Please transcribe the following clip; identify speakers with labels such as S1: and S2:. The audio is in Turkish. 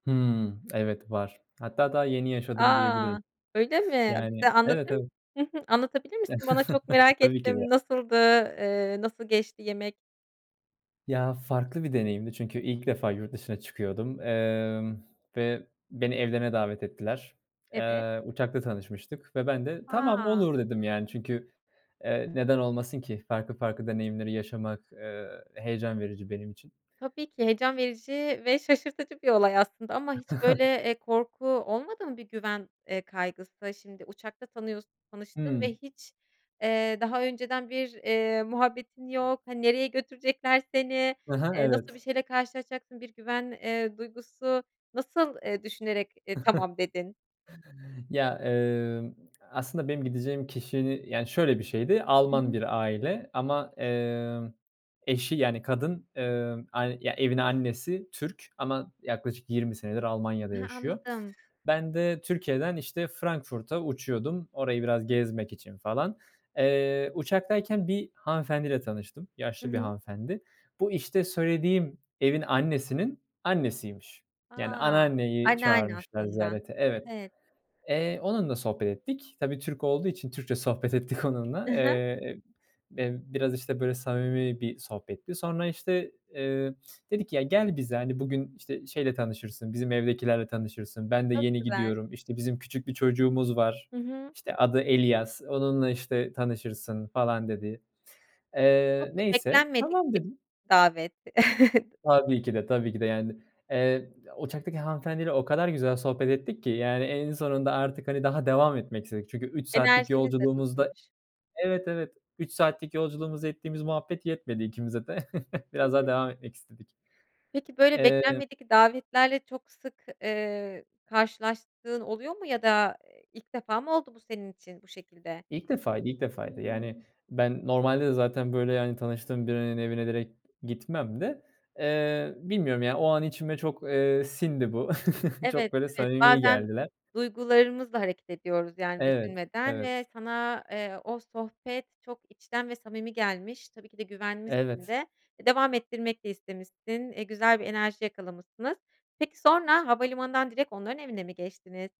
S1: Hımm, evet, var. Hatta daha yeni yaşadım
S2: A!
S1: diyebilirim.
S2: Öyle mi?
S1: Yani,
S2: Bize anlatır
S1: evet, evet.
S2: Hı hı. Anlatabilir misin, bana? Çok merak
S1: Tabii ki
S2: ettim,
S1: de.
S2: nasıldı? Eee, nasıl geçti yemek?
S1: Ya, farklı bir deneyimdi çünkü ilk defa yurt dışına çıkıyordum, emm, ve beni evlerine davet ettiler.
S2: Evet.
S1: Eee, uçakta tanışmıştık ve ben de, "Tamam,
S2: A!
S1: olur," dedim yani çünkü, eee, neden olmasın ki farklı farklı deneyimleri yaşamak, eee, heyecan verici benim için.
S2: Tabii ki heyecan verici ve şaşırtıcı bir olay aslında ama hiç böyle, eee, korku olmadı mı, bir güven, eee, kaygısı, şimdi uçakta tanıyorsun tanıştın ve
S1: Hımm.
S2: hiç, eee, daha önceden bir, eee, muhabbetin yok, hani, nereye götürecekler seni,
S1: He he.
S2: eee, nasıl bir
S1: Evet.
S2: şeyle karşılaşacaksın, bir güven, eee, duygusu, nasıl e düşünerek, e, "Tamam," dedin?
S1: Ya, emm, aslında benim gideceğim kişinin yani şöyle bir şeydi,
S2: Hı
S1: Alman
S2: hı.
S1: bir aile ama, emm, eşi yani kadın, emm, ay evin annesi Türk ama yaklaşık 20 senedir Almanya'da
S2: He,
S1: yaşıyor.
S2: anladım.
S1: Ben de Türkiye'den işte Frankfurt'a uçuyordum orayı biraz gezmek için falan. Eee, uçaktayken bir hanımefendiyle tanıştım.
S2: Hı
S1: Yaşlı bir
S2: hı.
S1: hanımefendi. Bu işte söylediğim evin annesinin annesiymiş. Yani
S2: A!
S1: anneanneyi
S2: Anneanne
S1: çağırmışlar
S2: aslında,
S1: ziyarete. Evet.
S2: evet.
S1: Eee, onunla sohbet ettik. Tabii Türk olduğu için Türkçe sohbet ettik
S2: Hı
S1: onunla.
S2: hı.
S1: Eee, emm. B biraz işte böyle samimi bir sohbetti. Sonra işte, eee, dedi ki, "Ya, gel bize, hani, bugün işte şeyle tanışırsın, bizim evdekilerle tanışırsın. Ben de
S2: Çok
S1: yeni
S2: güzel.
S1: gidiyorum, işte bizim küçük bir çocuğumuz var.
S2: Hı hı.
S1: İşte adı Elias, onunla işte tanışırsın," falan dedi. Eee,
S2: Çok
S1: neyse,
S2: beklenmedik
S1: "Tamam,"
S2: bir
S1: dedim.
S2: davet.
S1: Tabii ki de, tabii ki de yani. Eee, uçaktaki hanımefendiyle o kadar güzel sohbet ettik ki yani en sonunda artık, hani, daha devam etmek istedik. Çünkü 3 saatlik
S2: Enerjiniz de
S1: yolculuğumuzda
S2: tutmuş.
S1: Evet, evet, 3 saatlik yolculuğumuzda ettiğimiz muhabbet yetmedi ikimize de.
S2: Hı
S1: Biraz daha
S2: hı.
S1: devam etmek istedik.
S2: Peki, böyle
S1: Eee
S2: beklenmedik davetlerle çok sık, eee, karşılaştığın oluyor mu ya da, eee, ilk defa mı oldu bu senin için bu şekilde?
S1: İlk defaydı, ilk defaydı
S2: Hıı.
S1: yani ben normalde de zaten böyle yani tanıştığım birinin evine direkt gitmem de, eee, bilmiyorum yani o an içime çok, eee, sindi bu.
S2: Evet,
S1: Çok böyle
S2: evet,
S1: samimi
S2: bazen
S1: geldiler.
S2: duygularımızla hareket ediyoruz yani
S1: Evet,
S2: düşünmeden ve
S1: evet.
S2: sana, eee, o sohbet çok içten ve samimi gelmiş. Tabii ki de güvenmişsin
S1: Evet.
S2: de devam ettirmek de istemişsin, eee, güzel bir enerji yakalamışsınız. Peki, sonra havalimanından direkt onların evine mi geçtiniz?